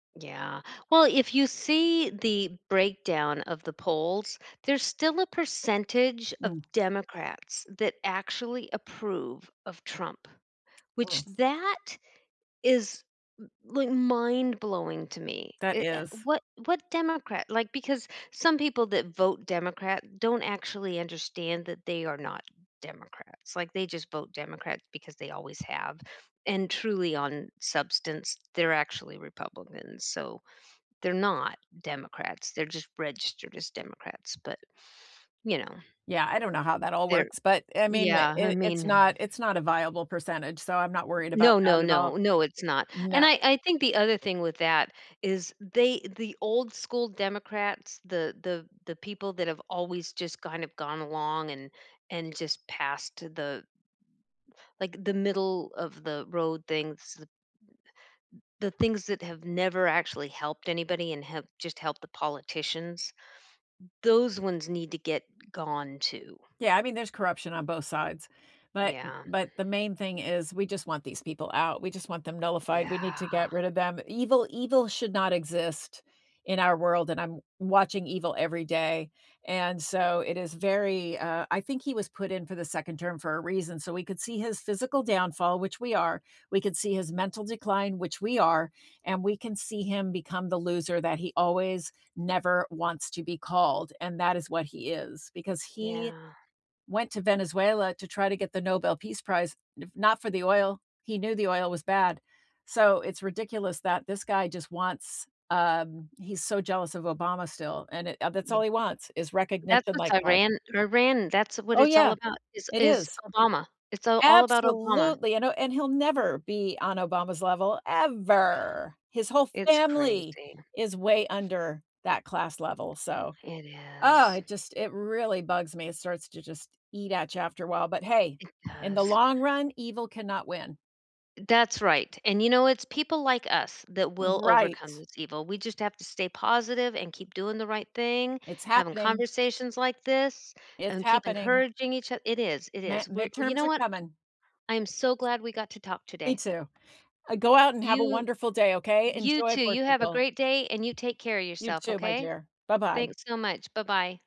Yeah. Well, if you see the breakdown of the polls, there's still a percentage of Mm. Democrats that actually approve of Trump, which [unintelligible] that is, l like, mind blowing to me. That I eh is. what what Democrat like, because some people that vote Democrat don't actually understand that they are not Democrats. Like, they just vote Democrat because they always have. And truly on substance, they're actually Republicans. So they're not Democrats. They're just registered as Democrats. But, you know Yeah. I don't know how that all they're works, but, I mean, I yeah. I mean it's hmm. not it's not a viable percentage, so I'm not worried about No, no, that at all. no. No, it's not. No. And I I think the other thing with that is they the old school Democrats, the the the people that have always just kinda gone along and and just passed the like, the middle of the road things, the the things that have never actually helped anybody and have just helped the politicians. Those ones need to get gone, too. Yeah. I mean, there's corruption on both sides, but Yeah. but the main thing is we just want these people out. We just want them nullified. We need to Yeah. get rid of them. Evil evil should not exist in our world, and I'm watching evil every day. And so it is very, uh, I think he was put in for the 2nd term for a reason. So we could see his physical downfall, which we are. We could see his mental decline, which we are, and we can see him become the loser that he always never wants to be called. And that is what he is because he Yeah. went to Venezuela to try to get the Nobel peace prize, not for the oil. He knew the oil was bad. So it's ridiculous that this guy just wants, um, he's so jealous of Obama still, and, uh, that's Yeah. all he wants is That's recognition what's like that. Iran Iran, that's what Oh, it's all yeah. about, is It is is. Obama. It's, uh, all about Obama. Absolutely. I know. And he'll never be on Obama's level Yeah. ever. His whole It's family crazy. is way under that class level. So, It oh, is. it just it really bugs me. It starts to just eat at you after a while. But, hey, It in the does. long run, evil cannot win. That's right. And, you know, it's people like us that Uh, will overcome right. this evil. We just have to stay positive and keep doing the right thing, It's having happening. conversations like this, It's and keep happening. encouraging each oth it is, it Ma is. We're you midterms know are what? coming. I'm so glad we got to talk Me, today. too. Uh, go out and have a You wonderful day, okay? you, Enjoy too. You have a Portugal. great day, and you take care of You, yourself, too, my okay? dear. Bye bye. Thanks so much. Bye bye.